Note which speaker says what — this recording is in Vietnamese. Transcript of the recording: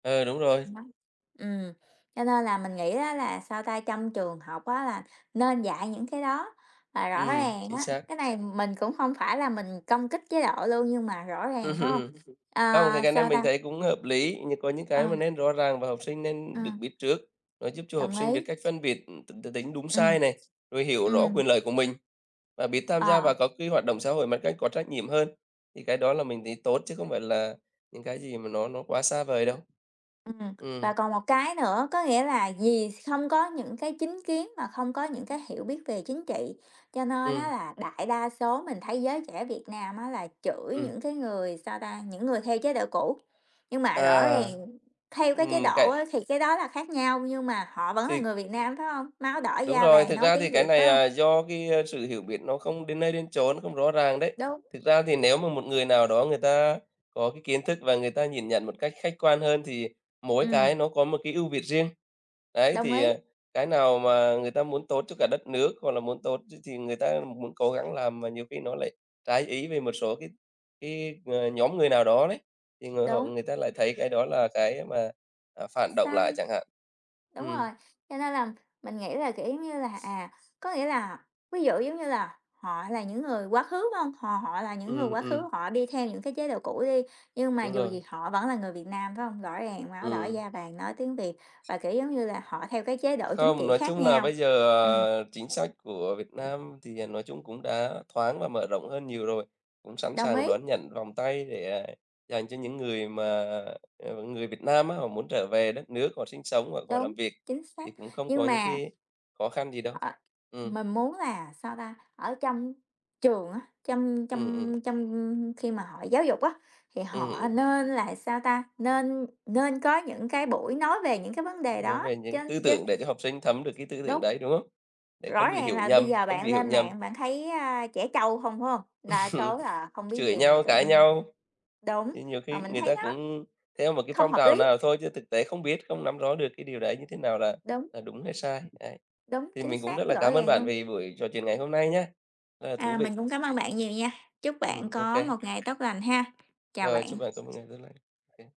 Speaker 1: Ờ, đúng rồi.
Speaker 2: Đó. Ừm, cho nên là mình nghĩ á là, sao ta, trong trường học á là nên dạy những cái đó là rõ
Speaker 1: Ừm,
Speaker 2: ràng
Speaker 1: chính
Speaker 2: á.
Speaker 1: xác.
Speaker 2: Cái này mình cũng hông phải là mình công kích chế độ luôn, nhưng mà rõ ràng, phải hông?
Speaker 1: Không, cái
Speaker 2: À,
Speaker 1: cái này
Speaker 2: sao
Speaker 1: mình
Speaker 2: ta
Speaker 1: thấy cũng hợp lý, nh có những
Speaker 2: Ờ.
Speaker 1: cái mà nên rõ ràng và học sinh nên được
Speaker 2: Ừm.
Speaker 1: biết trước, nó giúp cho học
Speaker 2: Đồng
Speaker 1: sinh biết
Speaker 2: ý.
Speaker 1: cách phân biệt, ừm, t t tính đúng
Speaker 2: Ừm,
Speaker 1: sai này, rồi hiểu rõ
Speaker 2: ừm.
Speaker 1: quyền lợi của mình, và biết tham gia
Speaker 2: Ờ.
Speaker 1: vào các cái hoạt động xã hội mà cách có trách nhiệm hơn. Thì cái đó là mình thấy tốt chứ không phải là những cái gì mà nó nó quá xa vời đâu.
Speaker 2: Ừm,
Speaker 1: Ừm.
Speaker 2: và còn một cái nữa, có nghĩa là vì không có những cái chính kiến và không có những cái hiểu biết về chính trị, cho nên á
Speaker 1: Ừm.
Speaker 2: là đại đa số mình thấy giới trẻ Việt Nam á, là chửi
Speaker 1: Ừm.
Speaker 2: những cái người, sao ta, những người theo chế độ cũ. Nhưng mà rõ
Speaker 1: À!
Speaker 2: ràng theo cái chế
Speaker 1: Ừm,
Speaker 2: độ
Speaker 1: cái
Speaker 2: á thì cái đó là khác nhau, nhưng mà họ vẫn là
Speaker 1: Thì
Speaker 2: người Việt Nam, phải hông? Máu đỏ
Speaker 1: Đúng
Speaker 2: da
Speaker 1: rồi,
Speaker 2: vàng,
Speaker 1: thực
Speaker 2: nói
Speaker 1: ra thì
Speaker 2: tiếng
Speaker 1: cái
Speaker 2: Việt phải
Speaker 1: này,
Speaker 2: hông?
Speaker 1: à, do cái sự hiểu biết nó không đến nơi đến chốn, không rõ ràng đấy.
Speaker 2: Đúng.
Speaker 1: Thực ra thì nếu mà một người nào đó người ta có cái kiến thức và người ta nhìn nhận một cách khách quan hơn, thì mỗi cái
Speaker 2: Ừm.
Speaker 1: nó có một cái ưu việt riêng, ấy.
Speaker 2: Đồng
Speaker 1: Thì,
Speaker 2: ý.
Speaker 1: à, cái nào mà người ta muốn tốt cho cả đất nước, hoặc là muốn tốt cho thì người ta muốn cố gắng làm, mà nhiều khi nó lại trái ý về một số cái cái, à, nhóm người nào đó đấy, thì người họ
Speaker 2: Đúng.
Speaker 1: người ta lại thấy cái đó là cái mà, à, phản động lại
Speaker 2: Sai.
Speaker 1: chẳng hạn.
Speaker 2: đúng rồi,
Speaker 1: Ừm.
Speaker 2: cho nên là mình nghĩ là, kiểu giống như là, à, có nghĩa là ví dụ, giống như là, họ là những người quá khứ, phải hông? Họ họ là những người
Speaker 1: Ừm,
Speaker 2: quá khứ,
Speaker 1: ừm.
Speaker 2: họ đi theo những cái chế độ cũ đi, nhưng mà
Speaker 1: Đúng
Speaker 2: dù gì
Speaker 1: rồi.
Speaker 2: họ vẫn là người Việt Nam, phải hông? Rõ ràng máu đỏ
Speaker 1: Ừm.
Speaker 2: da vàng, nói tiếng Việt và, kiểu, giống như là, họ theo cái chế độ chính
Speaker 1: Không,
Speaker 2: trị
Speaker 1: nói
Speaker 2: khác
Speaker 1: chung là
Speaker 2: nhau.
Speaker 1: bây giờ,
Speaker 2: Ừm.
Speaker 1: à, chính sách của Việt Nam thì, à, nói chung cũng đã thoáng và mở rộng hơn nhiều rồi, cũng sẵn
Speaker 2: Đồng
Speaker 1: sàng
Speaker 2: ý.
Speaker 1: đón nhận vòng tay để, à, dành cho những người mà, ờ, người Việt Nam á, họ muốn trở về đất nước, họ sinh sống hoặc họ
Speaker 2: Đúng,
Speaker 1: làm việc,
Speaker 2: chính xác,
Speaker 1: thì cũng không
Speaker 2: nhưng
Speaker 1: có những
Speaker 2: mà
Speaker 1: cái khó khăn gì đâu.
Speaker 2: Ờ
Speaker 1: Ừm.
Speaker 2: mình muốn là, sao ta, ở trong trường á, trong
Speaker 1: Ừm, ừm.
Speaker 2: trong trong khi mà họ giáo dục á, thì
Speaker 1: Ừm,
Speaker 2: họ
Speaker 1: ừm.
Speaker 2: nên là, sao ta, nên nên có những cái buổi nói về những cái vấn đề
Speaker 1: Nói
Speaker 2: đó,
Speaker 1: về những
Speaker 2: chứ
Speaker 1: tư
Speaker 2: chứ
Speaker 1: tưởng để cho học sinh thấm được cái tư tưởng
Speaker 2: đúng.
Speaker 1: đấy, đúng không? Để
Speaker 2: Rõ
Speaker 1: không bị
Speaker 2: ràng
Speaker 1: hiểu
Speaker 2: là bây
Speaker 1: nhầm,
Speaker 2: giờ
Speaker 1: không
Speaker 2: bạn
Speaker 1: bị hiểu
Speaker 2: lên
Speaker 1: nhầm
Speaker 2: mạng bạn thấy, a, trẻ trâu không, phải hông? Đa số là không biết
Speaker 1: chửi
Speaker 2: gì mà
Speaker 1: nhau,
Speaker 2: tự
Speaker 1: cãi
Speaker 2: nhiên
Speaker 1: nhau.
Speaker 2: đúng,
Speaker 1: Chứ nhiều
Speaker 2: mà
Speaker 1: khi
Speaker 2: mình
Speaker 1: người
Speaker 2: thấy
Speaker 1: ta
Speaker 2: nó
Speaker 1: cũng theo một cái
Speaker 2: không
Speaker 1: phong
Speaker 2: hợp
Speaker 1: trào
Speaker 2: lý.
Speaker 1: nào thôi chứ thực tế không biết, không nắm rõ được cái điều đấy như thế nào là
Speaker 2: Đúng.
Speaker 1: là đúng hay sai, đấy.
Speaker 2: Đúng,
Speaker 1: Thì
Speaker 2: chính
Speaker 1: mình cũng rất
Speaker 2: xác,
Speaker 1: là
Speaker 2: rõ
Speaker 1: cám ơn
Speaker 2: ràng
Speaker 1: bạn
Speaker 2: luôn.
Speaker 1: vì buổi trò chuyện ngày hôm nay nhá, rất là thú
Speaker 2: À, mình
Speaker 1: vị.
Speaker 2: cũng cám ơn bạn nhiều nha, chúc bạn
Speaker 1: Ừm,
Speaker 2: có
Speaker 1: OK.
Speaker 2: một ngày tốt lành ha, chào
Speaker 1: Rồi,
Speaker 2: bạn.
Speaker 1: chúc bạn có một ngày tốt lành. OK.